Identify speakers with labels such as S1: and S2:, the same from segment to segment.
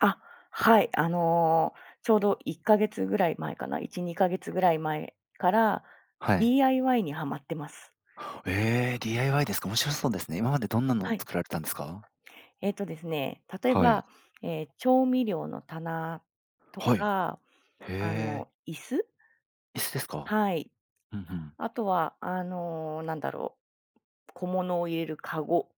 S1: あ、はい、あの、ちょうど1か月ぐらい前かな、1、2か月位前から
S2: はい。
S1: DIY にはまってます。
S2: え、DIY ですか。面白そうですね。今までどんなのを
S1: はい。
S2: 作られたんですか？
S1: えっとですね、例え
S2: はい。
S1: ば、え、調味料の棚と
S2: はい、
S1: か、
S2: へ
S1: あ
S2: え。
S1: の椅子？
S2: 椅子ですか？
S1: はい、
S2: ふんふん。
S1: 後は、あの、何だろう、小物を入れるかご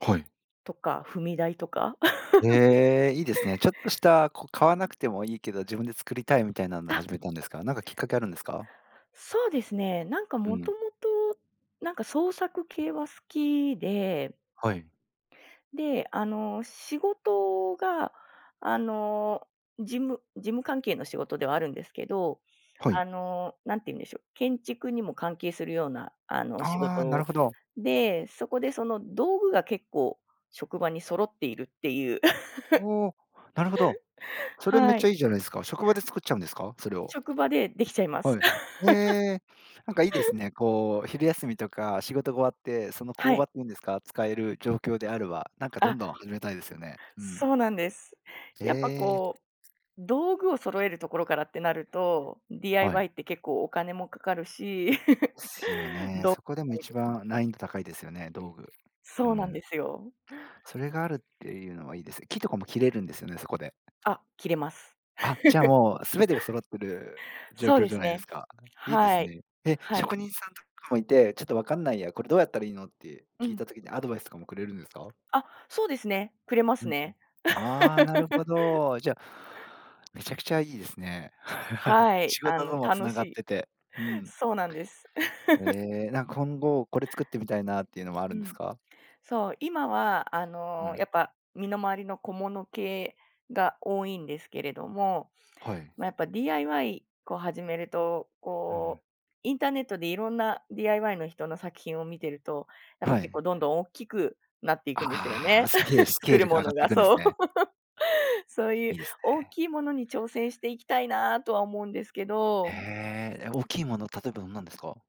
S2: はい。
S1: とか、踏み台とか。
S2: ええ、いいです ね。ちょっとしたこう買わなくてもいいけど、自分で作りたいみたいなんで
S1: あ
S2: 始めたんですか？なんかきっかけあるんですか？
S1: そうですね。何か、
S2: う
S1: 元
S2: ん。
S1: 々、何か、創作系は好きで。
S2: はい。
S1: で、あの仕事が、あの、事務、事務関係の仕事ではあるんですけど、
S2: は
S1: あ
S2: い。
S1: の何て言うんでしょう、建築にも関係するような、あの仕
S2: あ、なる
S1: 事
S2: ほど。
S1: で、そこでその道具が結構、職場に揃っているっていう。
S2: お。なるほど。それめっ
S1: は
S2: ちゃ
S1: い。
S2: いいじゃないですか。職場で作っちゃうんですか？それを。
S1: 職場で出来ちゃいます。
S2: はい。ええ、なんかいいです ね。こう、昼休みとか、仕事が終わって、その
S1: は
S2: 工
S1: い。
S2: 場っていうんですか、使える状況であれば、なんか、ど
S1: あ
S2: んどん始めたいですよね。うん。
S1: そうなんです。やっぱ、
S2: ええ。
S1: こう道具を揃えるところからってなると、
S2: はい。
S1: DIY って結構お金も掛かるし、
S2: ですよね。
S1: どう
S2: そこでも一番
S1: [unintelligible]
S2: 難易度高いですよね、道具。う
S1: そうなん
S2: ん。
S1: ですよ。
S2: それがあるっていうのはいいです。木とかも切れるんですよね、そこで。
S1: あ、切れます。
S2: あ、じゃあもう全てが揃ってる 状
S1: そう
S2: 況
S1: で
S2: じゃ
S1: す
S2: ないで
S1: ね。
S2: すか。いいで
S1: は
S2: す
S1: い、
S2: ね。え、
S1: はい。
S2: 職人さんとかもいて、ちょっとわかんないや、これどうやったらいいの？って
S1: う
S2: 聞い
S1: ん。
S2: た時にアドバイスとかもくれるんですか？
S1: あ、そうですね、くれま
S2: う
S1: す
S2: んうん。
S1: ね。
S2: あ、なるほ ど。じゃあ、めちゃくちゃいいですね。
S1: はい、
S2: 仕
S1: あ
S2: 事
S1: の、
S2: とも
S1: 楽
S2: 繋
S1: し
S2: がっ
S1: い。
S2: てて、うん。
S1: そうなんです。
S2: え、なんか今後これ作ってみたいなっていうのもある
S1: う
S2: んです
S1: ん、
S2: か？
S1: そう、今はあ
S2: う
S1: のや
S2: ん。
S1: っぱ身の回りの小物系が多いんですけれども、
S2: はい。
S1: まやっぱ、DIY を始めると、
S2: うん。
S1: こう、インターネットでいろんな DIY の人の作品を見てるとやっぱ
S2: は
S1: 結構
S2: い。
S1: どんどん大きくなっていくんですよ
S2: ああ、
S1: ね。
S2: スケール ス
S1: 作
S2: ケー
S1: る
S2: ルが
S1: も
S2: 上がっ
S1: の
S2: てい
S1: が
S2: くんです
S1: そう。
S2: ね。
S1: そうい
S2: い
S1: う
S2: いです
S1: 大
S2: ね。
S1: きいものに挑戦していきたいなとは思うんですけ
S2: へ
S1: ど
S2: え、え、大きいもの例えばどんなんですか？